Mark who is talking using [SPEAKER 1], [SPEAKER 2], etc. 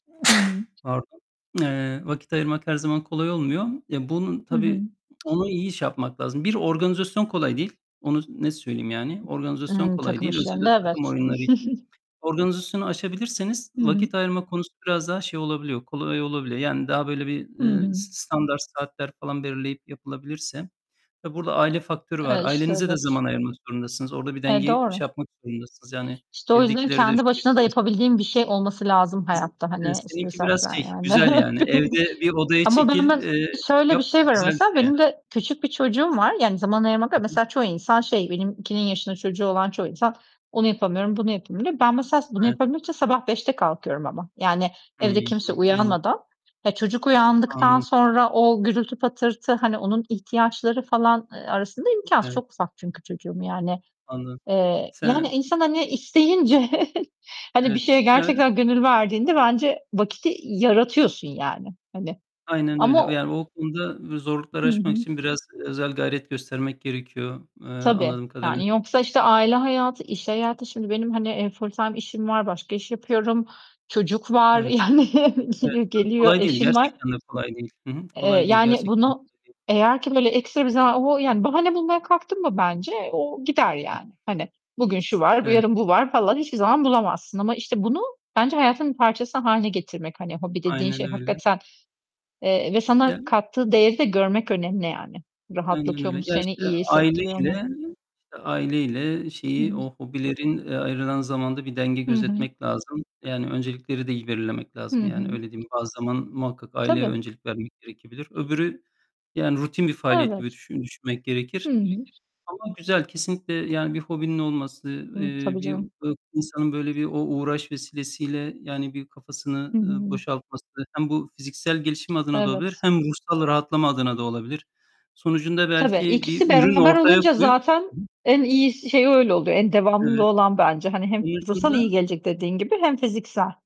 [SPEAKER 1] Hı hı.
[SPEAKER 2] Pardon. Eee, vakit ayırmak her zaman kolay olmuyor. Ya, bunun
[SPEAKER 1] Hı hı.
[SPEAKER 2] tabii onu iyi şey yapmak lazım. Bir organizasyon kolay değil. Onu net söyleyeyim yani. Organizasyon
[SPEAKER 1] Eee,
[SPEAKER 2] kolay
[SPEAKER 1] takım
[SPEAKER 2] değil. Özellikle
[SPEAKER 1] işlerinde
[SPEAKER 2] takım
[SPEAKER 1] evet.
[SPEAKER 2] oyunları için organizasyonu aşabilirseniz
[SPEAKER 1] Hı hı.
[SPEAKER 2] vakit ayırma konusu biraz daha şey olabiliyor, kolay olabiliyor. Yani daha böyle bir,
[SPEAKER 1] Hı
[SPEAKER 2] ııı,
[SPEAKER 1] hı.
[SPEAKER 2] s standart saatler falan belirleyip yapılabilirse, tabii burada aile faktörü var.
[SPEAKER 1] Eee, işte,
[SPEAKER 2] Ailenize de
[SPEAKER 1] evet.
[SPEAKER 2] zaman ayırmak zorundasınız. Orada bir
[SPEAKER 1] E,
[SPEAKER 2] dengeyi
[SPEAKER 1] doğru.
[SPEAKER 2] şey yapmak zorundasınız. Yani,
[SPEAKER 1] İşte, o yüzden
[SPEAKER 2] evdekilere de.
[SPEAKER 1] kendi başına da
[SPEAKER 2] [unintelligible]
[SPEAKER 1] yapabildiğim bir şey olması lazım hayatta
[SPEAKER 2] Eee,
[SPEAKER 1] hani. İşte,,
[SPEAKER 2] seninki
[SPEAKER 1] [unintelligible]
[SPEAKER 2] biraz şey,
[SPEAKER 1] yani,
[SPEAKER 2] güzel yani. Evde bir odaya
[SPEAKER 1] ama ben
[SPEAKER 2] çekil,
[SPEAKER 1] biraz
[SPEAKER 2] eee,
[SPEAKER 1] şöyle bir
[SPEAKER 2] yap,
[SPEAKER 1] şey var
[SPEAKER 2] güzel bir
[SPEAKER 1] mesela,
[SPEAKER 2] şey yani.
[SPEAKER 1] benim de küçük bir çocuğum var, yani, zaman ayırmak, [unintelligible]
[SPEAKER 2] Hı hı.
[SPEAKER 1] mesela çoğu insan şey, benimkinin yaşında çocuğu olan çoğu insan, onu yapamıyorum, bunu yapayım, diyor. Ben mesela bunu
[SPEAKER 2] Evet.
[SPEAKER 1] yapabilmek için sabah 5'te kalkıyorum ama, yani, evde
[SPEAKER 2] Hımm.
[SPEAKER 1] kimse
[SPEAKER 2] Anladım.
[SPEAKER 1] uyanmadan. E, çocuk uyandıktan
[SPEAKER 2] Anlı
[SPEAKER 1] sonra o gürültü patırtı, hani onun ihtiyaçları falan, eee, arasında imkânsız.
[SPEAKER 2] Evet.
[SPEAKER 1] Çok ufak çünkü çocuğum, yani.
[SPEAKER 2] Anlı
[SPEAKER 1] Eee, yani
[SPEAKER 2] Sen
[SPEAKER 1] insan, hani, isteyince, hani, bir
[SPEAKER 2] Evet
[SPEAKER 1] şeye
[SPEAKER 2] [unintelligible]
[SPEAKER 1] gerçekten gönül verdiğinde bence vakti yaratıyorsun, yani, hani
[SPEAKER 2] Aynen
[SPEAKER 1] ama
[SPEAKER 2] öyle.
[SPEAKER 1] o
[SPEAKER 2] Yani, o konuda v zorlukları
[SPEAKER 1] Hı
[SPEAKER 2] aşmak
[SPEAKER 1] hı.
[SPEAKER 2] için biraz özel gayret göstermek gerekiyor, eee,
[SPEAKER 1] Tabii.
[SPEAKER 2] anladığım kadarıyla.
[SPEAKER 1] Yani, yoksa işte aile
[SPEAKER 2] [unintelligible]
[SPEAKER 1] hayatı, iş hayatı Şimdi benim, hanii e, full-time işim var, başka iş yapıyorum, çocuk var,
[SPEAKER 2] Evet,
[SPEAKER 1] yani,
[SPEAKER 2] evet,
[SPEAKER 1] g
[SPEAKER 2] tabii
[SPEAKER 1] geliyor,
[SPEAKER 2] kolay değil,
[SPEAKER 1] eşim var.
[SPEAKER 2] gerçektende kolay değil. Hı hı.
[SPEAKER 1] Eee,
[SPEAKER 2] Kolay değil,
[SPEAKER 1] yani,
[SPEAKER 2] gerçekten
[SPEAKER 1] bunu
[SPEAKER 2] kolay değil.
[SPEAKER 1] eğer ki, böyle, ekstra bir zaman o, yani, bahane bulmaya kalktın mı bence o gider
[SPEAKER 2] Hı
[SPEAKER 1] yani. Hani, bugün şu var, bu
[SPEAKER 2] Evet.
[SPEAKER 1] yarın bu var falan hiçbir zaman bulamazsın ama, işte, bunu bence hayatın bir parçası hâline getirmek, hani, hobi dediğin
[SPEAKER 2] Aynen
[SPEAKER 1] şey
[SPEAKER 2] öyle.
[SPEAKER 1] hakikaten eee, ve sana
[SPEAKER 2] Yani.
[SPEAKER 1] kattığı değeri de görmek önemli yani.
[SPEAKER 2] Aynen
[SPEAKER 1] Rahatlatıyor mu
[SPEAKER 2] öyle. Ya,
[SPEAKER 1] seni,
[SPEAKER 2] işte,
[SPEAKER 1] iyi
[SPEAKER 2] aileyle
[SPEAKER 1] hissettiriyor mu?
[SPEAKER 2] işte aileyle şeyi
[SPEAKER 1] Hıı.
[SPEAKER 2] o hobilerin, e, ayrılan zamanda bir denge
[SPEAKER 1] Hı hı.
[SPEAKER 2] gözetmek lazım. Yani, öncelikleri de iyi belirlemek
[SPEAKER 1] Hı
[SPEAKER 2] lazım, yani,
[SPEAKER 1] hı.
[SPEAKER 2] öyle diyeyim. Bazı zaman muhakkak aileye
[SPEAKER 1] Tabii.
[SPEAKER 2] öncelik vermek gerekebilir. Öbürü, yani, rutin bir faaliyet gibi
[SPEAKER 1] Evet.
[SPEAKER 2] düşün düşünmek
[SPEAKER 1] Hı
[SPEAKER 2] gerekir.
[SPEAKER 1] hı.
[SPEAKER 2] Ama güzel, kesinlikle, yani, bir hobinin olması,
[SPEAKER 1] Hı,
[SPEAKER 2] eee,
[SPEAKER 1] tabii
[SPEAKER 2] bir
[SPEAKER 1] canım.
[SPEAKER 2] insanın böyle bir o uğraş vesilesiyle, yani, bir kafasını,
[SPEAKER 1] Hı
[SPEAKER 2] ııı,
[SPEAKER 1] hı.
[SPEAKER 2] boşaltması, hem bu fiziksel gelişim adına da olabilir
[SPEAKER 1] Evet.
[SPEAKER 2] hem ruhsal rahatlama adına da olabilir. Sonucunda
[SPEAKER 1] Tabii,
[SPEAKER 2] belki bir
[SPEAKER 1] ikisi
[SPEAKER 2] ürün
[SPEAKER 1] beraber
[SPEAKER 2] ortaya
[SPEAKER 1] olunca
[SPEAKER 2] koyup
[SPEAKER 1] zaten
[SPEAKER 2] [unintelligible]
[SPEAKER 1] en iyisi, şeyi, öyle oluyor, en devamlılığı
[SPEAKER 2] Evet.
[SPEAKER 1] olan bence. Hani, hem ruhsal iyi
[SPEAKER 2] Sonucunda
[SPEAKER 1] gelecek dediğin gibi hem fiziksel.